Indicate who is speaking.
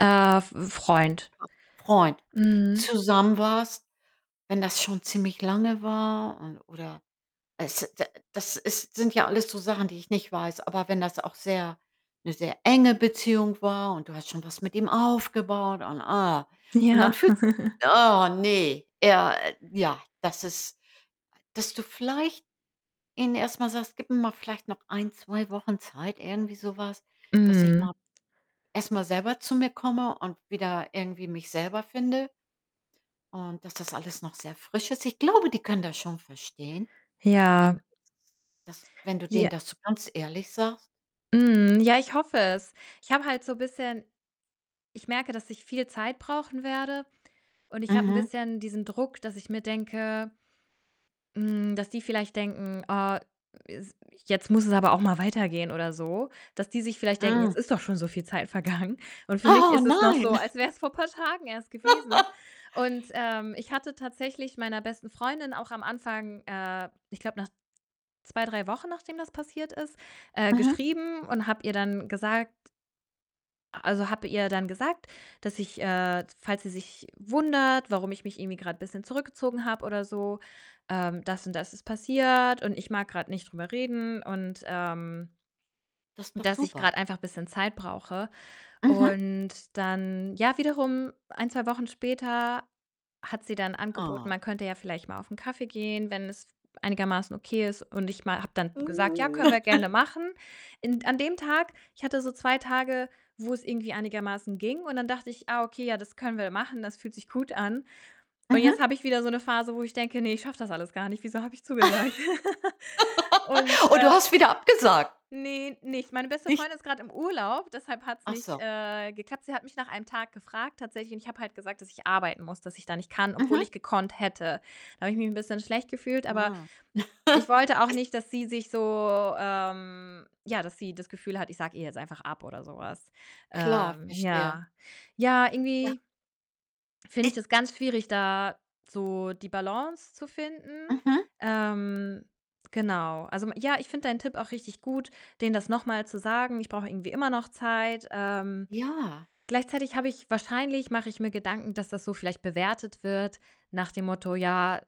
Speaker 1: Äh, F Freund.
Speaker 2: [unintelligible] Freund
Speaker 1: Mhm.
Speaker 2: zusammen warst. Wenn das schon ziemlich lange war und oder es da das ist sind ja alles so Sachen, die ich nicht weiß, aber wenn das auch sehr 'ne sehr enge Beziehung war und du hast schon was mit ihm aufgebaut und, ah und dann
Speaker 1: Ja.
Speaker 2: fühlt oh ne, er, äh ja, das ist a dass du vielleicht ihnen erst mal sagst: „Gib mir mal vielleicht noch 1, 2 Wochen Zeit“, irgendwie so was, „dass ich
Speaker 1: Mhm.
Speaker 2: mal erst mal selber zu mir komme und wieder irgendwie mich selber finde“ und dass das alles noch sehr frisch ist. Ich glaube, die können das schon verstehen, wenn
Speaker 1: Ja.
Speaker 2: du das wenn du denen
Speaker 1: Je
Speaker 2: das so ganz ehrlich sagst.
Speaker 1: Mhm, ja, ich hoffe es. Ich habe halt so bisschen ich merke, dass ich viel Zeit brauchen werde und ich habe 'n
Speaker 2: Mhm.
Speaker 1: bisschen diesen Druck, dass ich mir denke hm, dass die vielleicht denken: „Oh, es jetzt muss es aber auch mal weitergehen“, oder so. Dass die sich vielleicht denken:
Speaker 2: Mhm.
Speaker 1: „Jetzt ist doch schon so viel Zeit vergangen.“ Und für mich
Speaker 2: Oh,
Speaker 1: ist es noch so,
Speaker 2: nein.
Speaker 1: als wär's vor paar Tagen erst gewesen und, ähm, ich hatte tatsächlich meiner besten Freundin auch am Anfang, äh ich glaube nach 2, 3 Wochen nachdem das passiert ist, äh,
Speaker 2: Mhm.
Speaker 1: geschrieben, und habe ihr dann gesagt a also, habe ihr dann gesagt, dass ich, äh falls sie sich wundert, warum ich mich irgendwie grad bisschen zurückgezogen habe oder so, ähm, das und das ist passiert, und ich mag grad nicht drüber reden und, ähm,
Speaker 2: Das ist doch
Speaker 1: dass ich
Speaker 2: super.
Speaker 1: grad einfach bisschen Zeit brauche
Speaker 2: Mhm.
Speaker 1: und dann, ja, wiederum 1, 2 Wochen später hat sie dann angeboten,
Speaker 2: Ah.
Speaker 1: man könnte ja vielleicht mal auf 'n Kaffee gehen, wenn es einigermaßen okay ist und ich ma habe dann gesagt: „Ja,
Speaker 2: Hm.
Speaker 1: können wir gerne machen.“ In d an dem Tag ich hatte so 2 Tage, wo's irgendwie einigermaßen ging und dann dachte ich: „Ah, okay, ja, das können wir machen, das fühlt sich gut an.“ Und jetzt
Speaker 2: Mhm.
Speaker 1: habe ich wieder so 'ne Phase, wo ich denke: „Ne, ich schaffe das alles gar nicht. Wieso habe ich zugesagt?“ Und,
Speaker 2: Und du
Speaker 1: äh
Speaker 2: hast wieder abgesagt?
Speaker 1: Ne, nicht. Meine beste
Speaker 2: Nicht?
Speaker 1: Freundin ist grad im Urlaub, deshalb hat's
Speaker 2: Ach
Speaker 1: nicht,
Speaker 2: so.
Speaker 1: äh, geklappt. Sie hat mich nach einem Tag gefragt tatsächlich, und ich habe halt gesagt, dass ich arbeiten muss, dass ich da nicht kann, obwohl
Speaker 2: Mhm.
Speaker 1: ich gekonnt hätte. Da habe ich mich 'n bisschen schlecht gefühlt, aber
Speaker 2: Ah.
Speaker 1: ich wollte auch
Speaker 2: Es
Speaker 1: nicht, dass sie sich so, ähm ja, dass sie das Gefühl hat, ich sage ihr jetzt einfach ab oder so was.
Speaker 2: Klar,
Speaker 1: Ähm,
Speaker 2: verstehe.
Speaker 1: ja. Ja,
Speaker 2: Ja
Speaker 1: irgendwie finde
Speaker 2: I
Speaker 1: ich das ganz schwierig, da so die Balance zu finden.
Speaker 2: Mhm.
Speaker 1: Ähm genau. Also, m ja, ich finde deinen Tipp auch richtig gut, denen das noch mal zu sagen: „Ich brauche irgendwie immer noch Zeit.“ Ähm,
Speaker 2: Ja.
Speaker 1: gleichzeitig habe ich wahrscheinlich mache ich mir Gedanken, dass das so vielleicht bewertet wird nach dem Motto: „Ja”